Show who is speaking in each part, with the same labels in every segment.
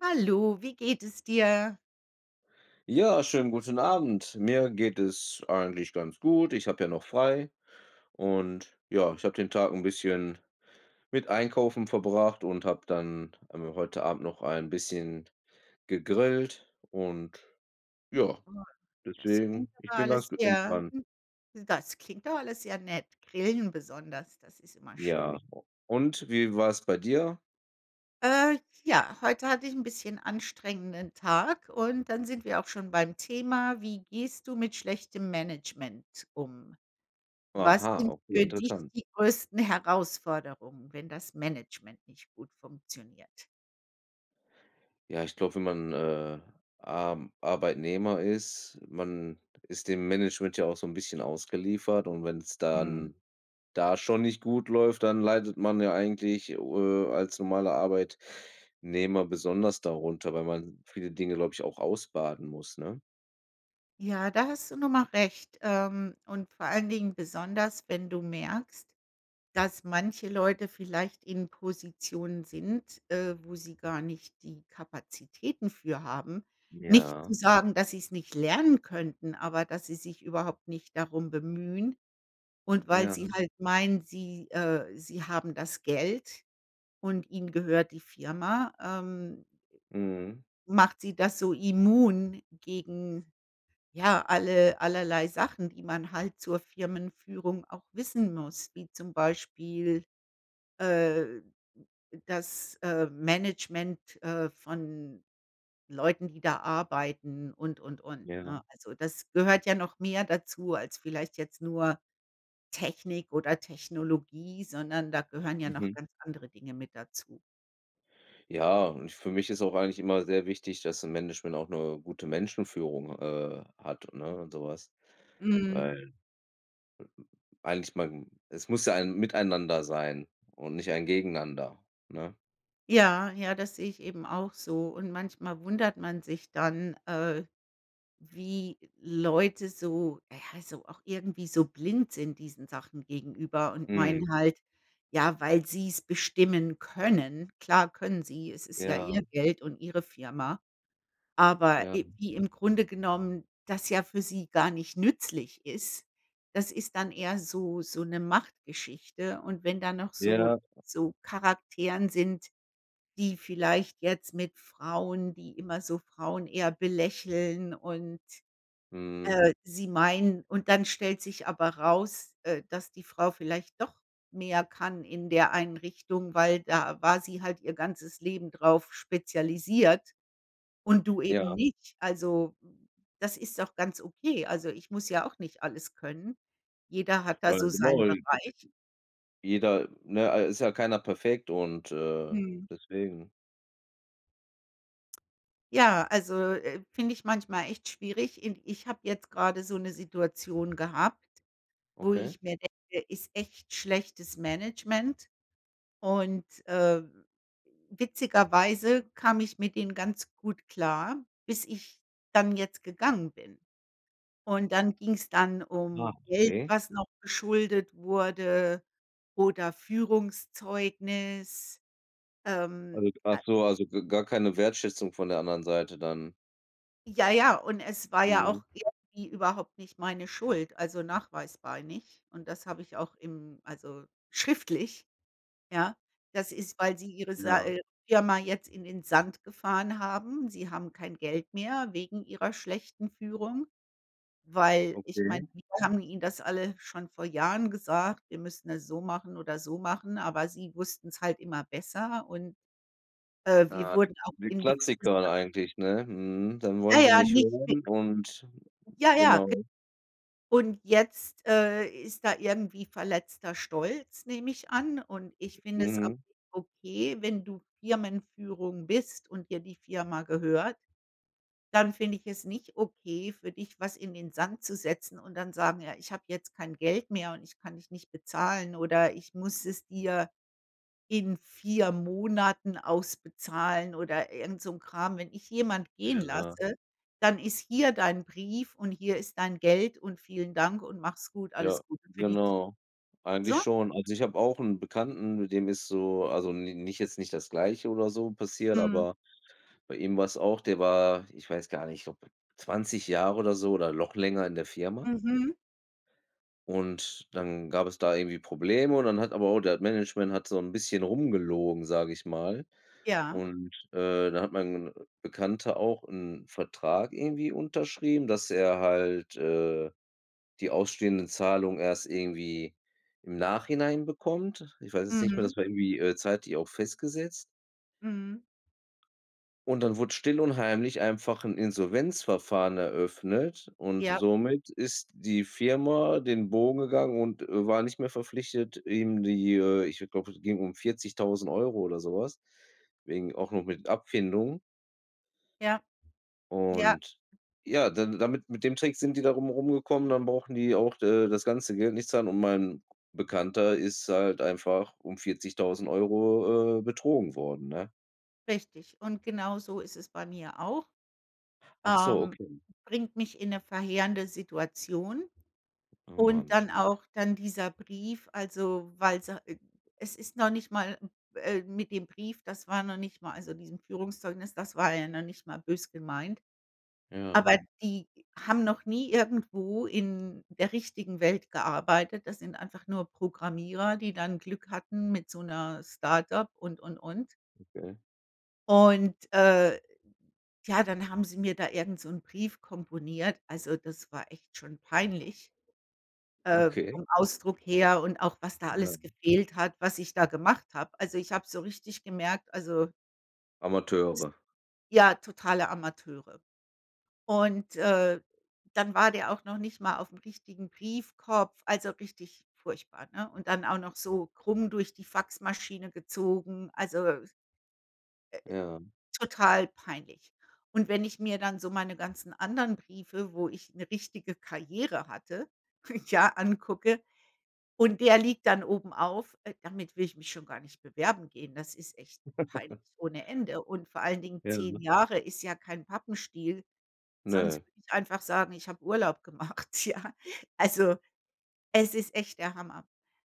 Speaker 1: Hallo, wie geht es dir?
Speaker 2: Ja. Schönen guten Abend. Mir geht es eigentlich ganz gut. Ich habe ja noch frei. Und, ja, ich habe den Tag 'n bisschen mit Einkaufen verbracht und habe dann einmal heute Abend noch ein bisschen gegrillt. Und ja,
Speaker 1: [unintelligible] Das klingt
Speaker 2: deswegen, ich
Speaker 1: aber
Speaker 2: bin
Speaker 1: alles
Speaker 2: ganz ge
Speaker 1: sehr
Speaker 2: entspannt.
Speaker 1: hm, das klingt doch alles sehr nett. Grillen besonders, das ist immer
Speaker 2: Ja.
Speaker 1: schön.
Speaker 2: Und wie war's bei dir?
Speaker 1: Äh, ja, heute hatte ich 'n bisschen anstrengenden Tag und dann sind wir auch schon beim Thema. Wie gehst du mit schlechtem Management um? Was
Speaker 2: Aha,
Speaker 1: sind
Speaker 2: okay,
Speaker 1: für dich
Speaker 2: interessant.
Speaker 1: die größten Herausforderungen, wenn das Management nicht gut funktioniert?
Speaker 2: Ja, ich glaube, wenn man, äh, A Arbeitnehmer ist man ist dem Management ja auch so 'n bisschen ausgeliefert und wenn's
Speaker 1: Mhm.
Speaker 2: dann da schon nicht gut läuft, dann leidet man ja eigentlich, äh, als normaler Arbeitnehmer besonders darunter, weil man viele Dinge, glaube ich, auch ausbaden muss, ne?
Speaker 1: Ja, da hast du nochmal recht, ähm, und vor allen Dingen besonders, wenn du merkst, dass manche Leute vielleicht in Positionen sind, äh, wo sie gar nicht die Kapazitäten für haben. Nicht zu
Speaker 2: Ja.
Speaker 1: sagen, dass sie's nicht lernen könnten, aber dass sie sich überhaupt nicht darum bemühen. Und weil
Speaker 2: Ja.
Speaker 1: sie halt meinen, sie äh, sie haben das Geld und ihnen gehört die Firma, ähm
Speaker 2: Mhm.
Speaker 1: macht sie das so immun gegen, ja, alle allerlei Sachen, die man halt zur Firmenführung auch wissen muss, wie zum Beispiel, äh, das, äh, Management, äh, von Leuten, die da arbeiten und, und, und,
Speaker 2: Ja.
Speaker 1: ne? Also, das gehört ja noch mehr dazu als vielleicht jetzt nur Technik oder Technologie, sondern da gehören ja noch
Speaker 2: Mhm.
Speaker 1: ganz andere Dinge mit dazu.
Speaker 2: Ja, und für mich ist auch eigentlich immer sehr wichtig, dass 'n Management auch 'ne gute Menschenführung h äh, hat, ne und sowas.
Speaker 1: Mhm.
Speaker 2: Weil eigentlich mein es muss ja ein Miteinander sein und nicht ein Gegeneinander, ne?
Speaker 1: Ja, ja, das sehe ich eben auch so. Und manchmal wundert man sich dann, äh, wie Leute so ja, so auch irgendwie so blind sind diesen Sachen gegenüber und
Speaker 2: Mhm.
Speaker 1: meinen halt, ja, weil sie's bestimmen können. Klar können sie, es ist ja
Speaker 2: Ja.
Speaker 1: ihr Geld und ihre Firma. Aber,
Speaker 2: Ja.
Speaker 1: i wie im Grunde genommen das ja für sie gar nicht nützlich ist, das ist dann eher so so 'ne Machtgeschichte und wenn dann noch so
Speaker 2: Ja.
Speaker 1: so Charakteren sind, die vielleicht jetzt mit Frauen die immer so Frauen eher belächeln und,
Speaker 2: Mhm.
Speaker 1: äh, sie meiden. Und dann stellt sich aber raus, äh, dass die Frau vielleicht doch mehr kann in der Einrichtung, weil da war sie halt ihr ganzes Leben drauf spezialisiert und du eben
Speaker 2: Ja.
Speaker 1: nicht. Also, das ist auch ganz okay. Also, ich muss ja auch nicht alles können. Jeder hat da
Speaker 2: Na ja,
Speaker 1: so
Speaker 2: genau.
Speaker 1: seinen Bereich.
Speaker 2: [unintelligible] Jeder, ne, a ist ja keiner perfekt und, äh,
Speaker 1: Mhm.
Speaker 2: deswegen.
Speaker 1: Ja, also, äh, finde ich manchmal echt schwierig, i ich habe jetzt gerade so 'ne Situation gehabt, wo
Speaker 2: Okay.
Speaker 1: ich mir denke, ist echt schlechtes Management und, äh, witzigerweise kam ich mit ihnen ganz gut klar, bis ich dann jetzt gegangen bin. Und, dann ging‘s dann
Speaker 2: Aha,
Speaker 1: um Geld,
Speaker 2: okay.
Speaker 1: was noch geschuldet wurde, oder Führungszeugnis, ähm,
Speaker 2: Also, g ach
Speaker 1: äh
Speaker 2: so, also, g gar keine Wertschätzung von der anderen Seite dann?
Speaker 1: Ja, ja, und es war ja
Speaker 2: Mhm.
Speaker 1: auch irgendwie überhaupt nicht meine Schuld, also, nachweisbar nicht und das habe ich auch im also, schriftlich, ja? Das ist, weil sie ihre Sa
Speaker 2: Ja.
Speaker 1: äh, Firma jetzt in den Sand gefahren haben, sie haben kein Geld mehr wegen ihrer schlechten Führung, weil ich meine,
Speaker 2: Okay.
Speaker 1: wir haben ihnen das alles schon vor Jahren gesagt, wir müssten das so machen oder so machen, aber sie wussten's halt immer besser und, äh, wir
Speaker 2: Ja, die
Speaker 1: wurden auch
Speaker 2: die
Speaker 1: in gewisser
Speaker 2: Klassiker eigentlich, ne? Mhm, dann
Speaker 1: Ja,
Speaker 2: wollen sie
Speaker 1: ja,
Speaker 2: nicht
Speaker 1: richtig.
Speaker 2: hören und
Speaker 1: Ja, ja. Ge
Speaker 2: genau.
Speaker 1: und jetzt, äh, ist da irgendwie verletzter Stolz, nehme ich an. Und, ich finde es auch
Speaker 2: Mhm.
Speaker 1: nicht okay, wenn du Firmenführung bist und dir die Firma gehört, dann finde ich es nicht okay, für dich was in den Sand zu setzen und dann sagen ja, ich habe jetzt kein Geld mehr und ich kann dich nicht bezahlen oder ich muss es dir in 4 Monaten ausbezahlen oder irgend so 'n Kram. Wenn ich jemand gehen
Speaker 2: Ja.
Speaker 1: lasse, dann ist hier dein Brief und hier ist dein Geld und vielen Dank und mach's gut,
Speaker 2: Ja,
Speaker 1: alles Gute für die Zu
Speaker 2: genau. Eigentlich
Speaker 1: so.
Speaker 2: schon. Also, ich habe auch 'n Bekannten mit dem ist so also, n nicht jetzt nicht das Gleiche oder so passiert,
Speaker 1: Mhm.
Speaker 2: aber bei ihm war es auch. Der war, ich weiß gar nicht, ob 20 Jahre oder so oder noch länger in der Firma
Speaker 1: Mhm.
Speaker 2: und dann gab es da irgendwie Probleme. Und, dann hat aber auch der Management hat so 'n bisschen rum gelogen, sage ich mal
Speaker 1: Ja.
Speaker 2: und, äh, da hat mein n a Bekannter auch 'n Vertrag irgendwie unterschrieben, dass er halt, äh, die ausstehenden Zahlung erst irgendwie im Nachhinein bekommt. Ich weiß jetzt nicht mehr,
Speaker 1: Mhm.
Speaker 2: das war irgendwie, äh, zeitlich auch festgesetzt
Speaker 1: Mhm.
Speaker 2: Und dann wurde still und heimlich einfach 'n Insolvenzverfahren eröffnet. Und
Speaker 1: Ja.
Speaker 2: somit ist die Firma den Bogen gegangen und, äh, war nicht mehr verpflichtet, ihm die äh, ich glaube, es ging um 40.000 € oder sowas wegen auch noch mit Abfindung.
Speaker 1: Ja. Ja.
Speaker 2: Und ja, da damit mit dem Trick sind die da rum rumgekommen. Dann brauchen die auch de das ganze Geld nicht zahlen und mein Bekannter ist halt einfach um 40.000 €, äh, betrogen worden, ne?
Speaker 1: Richtig. Und genau so ist es bei mir auch,
Speaker 2: Ach so,
Speaker 1: ähm,
Speaker 2: okay.
Speaker 1: bringt mich in 'ne verheerende Situation.
Speaker 2: Oh
Speaker 1: Und
Speaker 2: Mann
Speaker 1: dann
Speaker 2: [unintelligible]
Speaker 1: auch dann dieser Brief, also, weil sie äh, es ist noch nicht mal m äh, mit dem Brief, das war noch nicht mal also, diesem Führungszeugnis, das war ja noch nicht mal böse gemeint.
Speaker 2: Ja.
Speaker 1: Aber die haben noch nie irgendwo in der richtigen Welt gearbeitet. Das sind einfach nur Programmierer, die dann Glück hatten mit so 'ner Start-up und, und, und.
Speaker 2: Okay.
Speaker 1: Und äh, tja, dann haben sie mir da irgend so 'n Brief komponiert. Also, das war echt schon peinlich, äh,
Speaker 2: Okay.
Speaker 1: vom Ausdruck her und auch, was da
Speaker 2: Ja.
Speaker 1: alles gefehlt hat, was ich da gemacht habe. Also, ich habe so richtig gemerkt, also [unintelligible]
Speaker 2: Amateure.
Speaker 1: ja, totale Amateure. Und, äh, dann war der auch noch nicht mal aufm richtigen Briefkopf, also, richtig furchtbar, ne? Und dann auch noch so krumm durch die Faxmaschine gezogen, also äh,
Speaker 2: Ja.
Speaker 1: total peinlich. Und wenn ich mir dann so meine ganzen anderen Briefe, wo ich 'ne richtige Karriere hatte, ja angucke und der liegt dann obenauf, äh, damit will ich mich schon gar nicht bewerben gehen. Das ist echt peinlich ohne Ende. Und vor allen Dingen
Speaker 2: Ja.
Speaker 1: 10 Jahre ist ja kein Pappenstiel.
Speaker 2: Ne.
Speaker 1: Sonst würde ich einfach sagen, ich habe Urlaub gemacht, ja. Also, es ist echt der Hammer.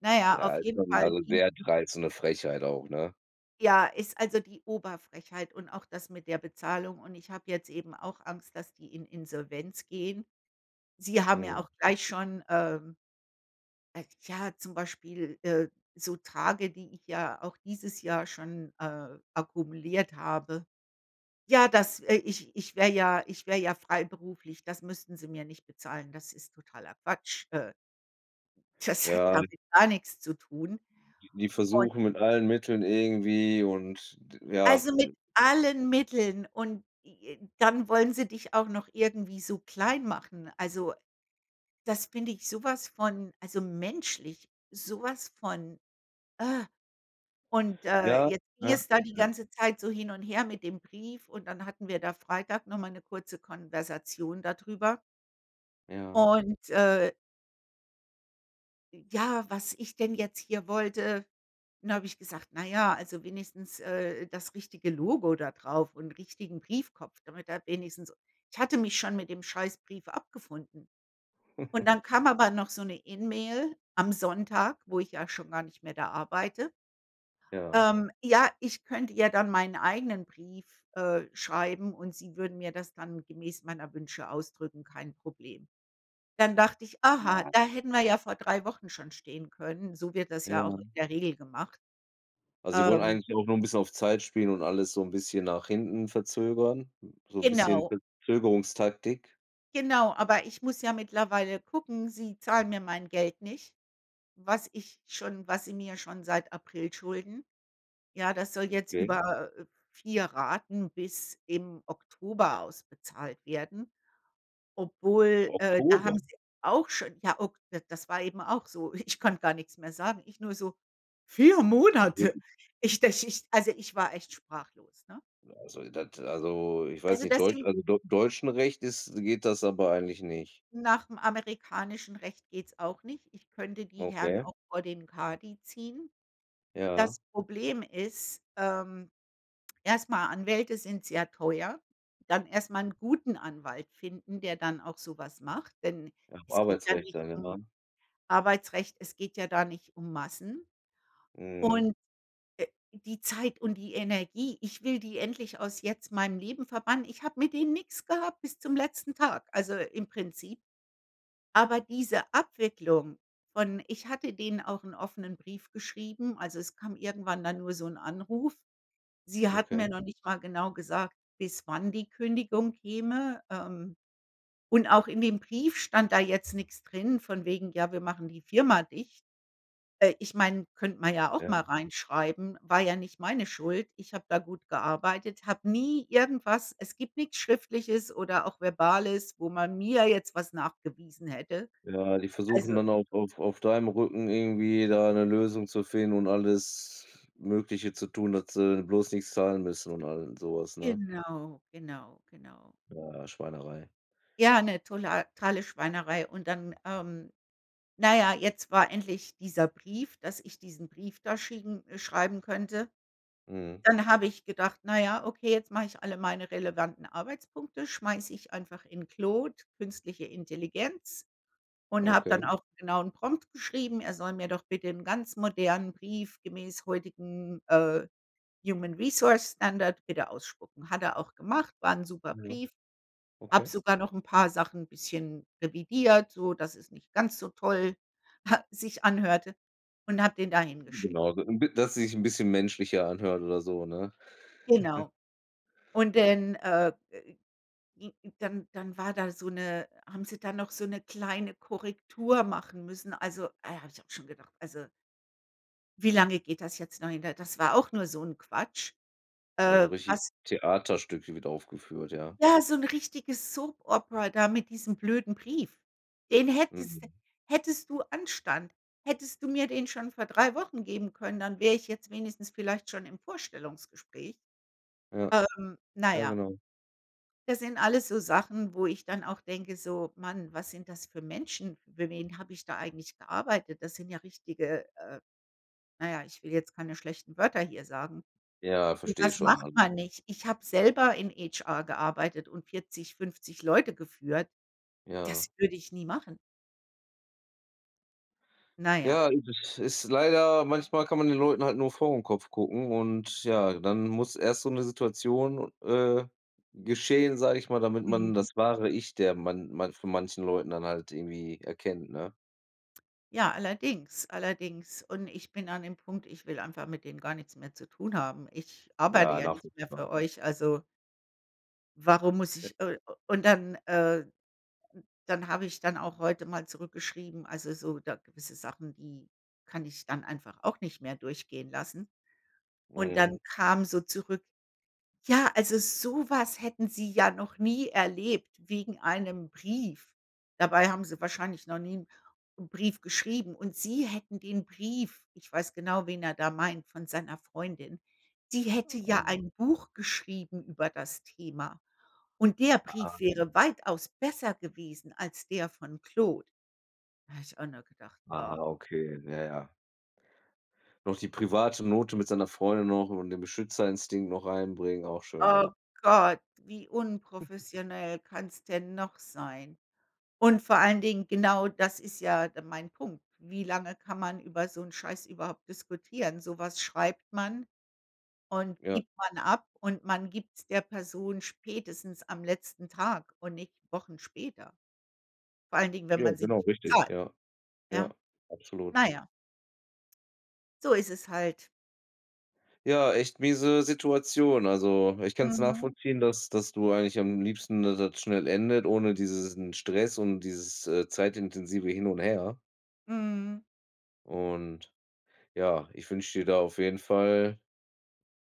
Speaker 1: Na ja,
Speaker 2: Ja,
Speaker 1: auf
Speaker 2: also
Speaker 1: jeden
Speaker 2: [unintelligible]
Speaker 1: Fall
Speaker 2: also,
Speaker 1: ging
Speaker 2: sehr dreist und 'ne Frechheit auch, ne?
Speaker 1: Ja, ist, also, die Oberfrechheit und auch das mit der Bezahlung. Und ich habe jetzt eben auch Angst, dass die in Insolvenz gehen. Sie haben ja
Speaker 2: Mhm.
Speaker 1: auch gleich schon, ähm, äh, ja, zum Beispiel, äh, so Tage, die ich ja auch dieses Jahr schon, äh, akkumuliert habe. Ja, das, äh, ich ich wäre ja ich wäre ja freiberuflich. Das müssten sie mir nicht bezahlen. Das ist totaler Quatsch. Äh das hat
Speaker 2: Ja die
Speaker 1: damit gar nichts zu tun.
Speaker 2: die die
Speaker 1: Und
Speaker 2: versuchen mit allen Mitteln irgendwie und d ja,
Speaker 1: Also, mit
Speaker 2: äh
Speaker 1: allen Mitteln und j j dann wollen sie dich auch noch irgendwie so klein machen. Also, das finde ich sowas von, also, menschlich, so was von äh. Und ,äh,
Speaker 2: Ja,
Speaker 1: jetzt ging
Speaker 2: ja,
Speaker 1: es da die
Speaker 2: ja.
Speaker 1: ganze Zeit so hin und her mit dem Brief und dann hatten wir da Freitag nochmal 'ne kurze Konversation da drüber.
Speaker 2: Ja.
Speaker 1: Und, äh i ja, was ich denn jetzt hier wollte. Dann habe ich gesagt: „Na ja, also wenigstens, äh, das richtige Logo da drauf und richtigen Briefkopf, damit er wenigstens“ ich hatte mich schon mit dem scheiß Brief abgefunden. Und, dann kam aber noch so 'ne E-Mail am Sonntag, wo ich ja schon gar nicht mehr da arbeite
Speaker 2: Ja.
Speaker 1: ähm, ja, ich könnte ja dann meinen eigenen Brief, äh, schreiben und Sie würden mir das dann gemäß meiner Wünsche ausdrücken, kein Problem. Dann dachte ich: „Aha,
Speaker 2: Nein.
Speaker 1: da hätten wir ja vor 3 Wochen schon stehen können, so wird das ja auch
Speaker 2: Ja.
Speaker 1: in der Regel gemacht.“
Speaker 2: Also, sie wollen
Speaker 1: Ähm
Speaker 2: eigentlich auch nur ein bisschen auf Zeit spielen und alles so ein bisschen nach hinten verzögern, so 'n bisschen
Speaker 1: Genau.
Speaker 2: Verzögerungstaktik?
Speaker 1: Genau, aber ich muss ja mittlerweile gucken, sie zahlen mir mein Geld nicht, was ich schon was sie mir schon seit April schulden. Ja, das soll jetzt
Speaker 2: Okay.
Speaker 1: über, äh, 4 Raten bis im Oktober ausbezahlt werden. Obwohl, äh, da
Speaker 2: Oktober.
Speaker 1: haben sie auch schon, ja, o d das war eben auch so. Ich konnte gar nix mehr sagen. Ich nur so: „4
Speaker 2: Da
Speaker 1: Monate?“
Speaker 2: solltest
Speaker 1: Ich das ist also ich war echt sprachlos, ne?
Speaker 2: Ja, also das also, ich weiß
Speaker 1: Also
Speaker 2: nicht
Speaker 1: das
Speaker 2: Deutsch,
Speaker 1: sind
Speaker 2: also, d Deutschem Recht ist geht das aber eigentlich nicht.
Speaker 1: Nach'm amerikanischen Recht geht's auch nicht. Ich könnte die Herren
Speaker 2: Okay.
Speaker 1: auch vor den Kadi ziehen.
Speaker 2: Ja.
Speaker 1: Das Problem ist, ähm, erstmal Anwälte sind sehr teuer, dann erstmal 'n guten Anwalt finden, der dann auch sowas macht, denn
Speaker 2: Nach'm
Speaker 1: es geht ja
Speaker 2: Arbeitsrecht
Speaker 1: nicht um
Speaker 2: [unintelligible]
Speaker 1: Arbeitsrecht, es geht ja da nicht um Massen.
Speaker 2: Mhm.
Speaker 1: Und, äh, die Zeit und die Energie, ich will die endlich aus jetzt meinem Leben verbannen. Ich habe mit denen nix gehabt bis zum letzten Tag, also im Prinzip aber diese Abwicklung von ich hatte denen auch 'n offenen Brief geschrieben, also es kam irgendwann dann nur so ‘n Anruf. Sie hatten mir
Speaker 2: Okay.
Speaker 1: noch nicht mal genau gesagt, bis wann die Kündigung käme. Ähm, und auch in dem Brief stand da jetzt nix drin, von wegen: „Ja, wir machen die Firma dicht.“ Äh, ich meine, könnte man ja auch
Speaker 2: Ja.
Speaker 1: mal reinschreiben, war ja nicht meine Schuld. Ich habe da gut gearbeitet, habe nie irgendwas es gibt nix Schriftliches oder auch Verbales, wo man mir jetzt was nachgewiesen hätte,
Speaker 2: Ja, die
Speaker 1: also
Speaker 2: versuchen dann auch auf auf deinem Rücken irgendwie da 'ne Lösung zu finden und alles Mögliche zu tun, dass sie bloß nix zahlen müssen und all sowas, ne?
Speaker 1: Genau, genau, genau.
Speaker 2: Ja, Schweinerei.
Speaker 1: Ja, 'ne totale Schweinerei. Und, dann, ähm, na ja, jetzt war endlich dieser Brief, dass ich diesen Brief da schicken schreiben könnte.
Speaker 2: Mhm.
Speaker 1: Dann habe ich gedacht: „Na ja, okay, jetzt mache ich alle meine relevanten Arbeitspunkte, schmeiße ich einfach in Claude, künstliche Intelligenz“, und habe
Speaker 2: Okay.
Speaker 1: dann auch genauen Prompt geschrieben. Er soll mir doch bitte 'n ganz modernen Brief gemäß heutigen, äh, Human Resource Standard bitte ausspucken. Hat er auch gemacht, war 'n super
Speaker 2: Ja.
Speaker 1: Brief. Habe
Speaker 2: Okay.
Speaker 1: sogar noch ‘n paar Sachen bisschen revidiert, so dass es nicht ganz so toll sich anhörte und habe den da hingeschickt.
Speaker 2: Genau, da dass sich 'n bisschen menschlicher anhört oder so, ne?
Speaker 1: Genau. Und denn, äh, i n dann dann war da so 'ne haben sie da noch so 'ne kleine Korrektur machen müssen. Also, äh, habe ich auch schon gedacht: „Also“ Wie lange geht das jetzt noch hin? Da das war auch nur so 'n Quatsch.
Speaker 2: Also,
Speaker 1: Äh,
Speaker 2: richtig
Speaker 1: was
Speaker 2: Theaterstück, wird aufgeführt, ja.
Speaker 1: Ja, so 'n richtiges Soap Opera da mit diesem blöden Brief. Den hättest
Speaker 2: Mhm.
Speaker 1: hättest du Anstand, hättest du mir den schon vor 3 Wochen geben können, dann wäre ich jetzt wenigstens vielleicht schon im Vorstellungsgespräch.
Speaker 2: Ja.
Speaker 1: Ähm, na
Speaker 2: Ja,
Speaker 1: ja.
Speaker 2: genau.
Speaker 1: Das sind alles so Sachen, wo ich dann auch denke, so: „Mann, was sind das für Menschen, für wen habe ich da eigentlich gearbeitet? Das sind ja richtige“ äh, na ja, ich will jetzt keine schlechten Wörter hier sagen.
Speaker 2: Ja, verstehe
Speaker 1: Sowas
Speaker 2: schon.
Speaker 1: macht
Speaker 2: Alles
Speaker 1: man
Speaker 2: gut.
Speaker 1: nicht. Ich habe selber in HR gearbeitet und 40, 50 Leute geführt. Das
Speaker 2: Ja.
Speaker 1: würde ich nie machen. Na ja.
Speaker 2: Ja, du das ist leider manchmal kann man den Leuten halt nur vor den Kopf gucken und ja, dann muss erst so 'ne Situation, äh, geschehen, sage ich mal, damit man
Speaker 1: Mhm.
Speaker 2: das wahre Ich, der man man von manchen Leuten dann halt irgendwie erkennt, ne?
Speaker 1: Ja, allerdings, allerdings. Und ich bin an dem Punkt, ich will einfach mit denen gar nichts mehr zu tun haben. Ich arbeite
Speaker 2: Ja,
Speaker 1: ja nicht mehr
Speaker 2: nachvollziehbar.
Speaker 1: für euch, also Warum muss
Speaker 2: [unintelligible]
Speaker 1: ich äh, u und dann, äh, d dann habe ich dann auch heute mal zurückgeschrieben. Also, so da gewisse Sachen, die kann ich dann einfach auch nicht mehr durchgehen lassen. Und dann
Speaker 2: Mhm.
Speaker 1: kam so zurück: „Ja, also, so was hätten sie ja noch nie erlebt wegen einem Brief.“ Dabei haben sie wahrscheinlich noch nie 'n 'n Brief geschrieben. Und sie hätten den Brief ich weiß genau, wen er da meint von seiner Freundin. Sie hätte ja
Speaker 2: [unintelligible]
Speaker 1: ein Buch geschrieben über das Thema. Und der
Speaker 2: Ah,
Speaker 1: Brief
Speaker 2: ja.
Speaker 1: wäre weitaus besser gewesen als der von Claude. Da habe ich auch nur gedacht: „Ah.“
Speaker 2: Aha, okay, ja, ja. Noch die private Note mit seiner Freundin noch und den Beschützerinstinkt noch reinbringen, auch schön,
Speaker 1: Oh
Speaker 2: ja.
Speaker 1: Gott, wie unprofessionell kann's denn noch sein? Und vor allen Dingen, genau das ist ja d mein Punkt. Wie lange kann man über so 'n Scheiß überhaupt diskutieren? So was schreibt man und
Speaker 2: Ja.
Speaker 1: gibt man ab und man gibt's der Person spätestens am letzten Tag und nicht Wochen später. Vor allen Dingen, wenn
Speaker 2: Ja,
Speaker 1: man sie
Speaker 2: genau
Speaker 1: nicht
Speaker 2: richtig,
Speaker 1: zahlt.
Speaker 2: ja.
Speaker 1: Ja.
Speaker 2: Ja, absolut.
Speaker 1: Naja. So ist es halt.
Speaker 2: Ja, echt miese Situation. Also, ich kann's
Speaker 1: Mhm.
Speaker 2: nachvollziehen, dass dass du eigentlich am liebsten, dass das schnell endet, ohne dieses n Stress und dieses, äh, zeitintensive Hin und Her.
Speaker 1: Mhm.
Speaker 2: Und ja, ich wünsche dir da auf jeden Fall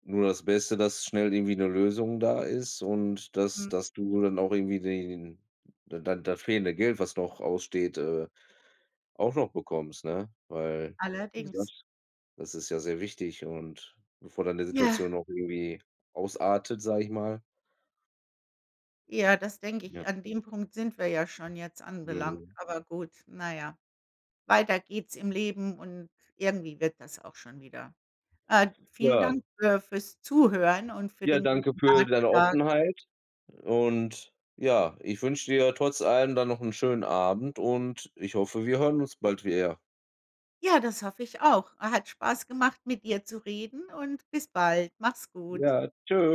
Speaker 2: nur das Beste, dass schnell irgendwie 'ne Lösung da ist. Und dass
Speaker 1: Hm.
Speaker 2: dass du dann auch irgendwie die den da dann das fehlende Geld, was noch aussteht, äh, auch noch bekommst, ne? Weil, wie
Speaker 1: Allerdings.
Speaker 2: gesagt, das ist ja sehr wichtig und bevor dann die
Speaker 1: Ja.
Speaker 2: Situation noch irgendwie ausartet, sage ich mal.
Speaker 1: Ja, das denke
Speaker 2: Ja.
Speaker 1: ich. An dem Punkt sind wir ja schon jetzt anbelangt,
Speaker 2: Mhm.
Speaker 1: aber gut, na ja. Weiter geht's im Leben und irgendwie wird das auch schon wieder. Äh, vielen
Speaker 2: Ja.
Speaker 1: Dank für fürs Zuhören und für
Speaker 2: Ja,
Speaker 1: den
Speaker 2: danke
Speaker 1: guten
Speaker 2: für deine
Speaker 1: Ratschlag.
Speaker 2: Offenheit. Und ja, ich wünsche dir trotz allem dann noch 'n schönen Abend. Und ich hoffe, wir hören uns bald wie er.
Speaker 1: Ja, das hoffe ich auch. Äh, hat Spaß gemacht, mit dir zu reden und bis bald. Mach's gut.
Speaker 2: Ja, tschü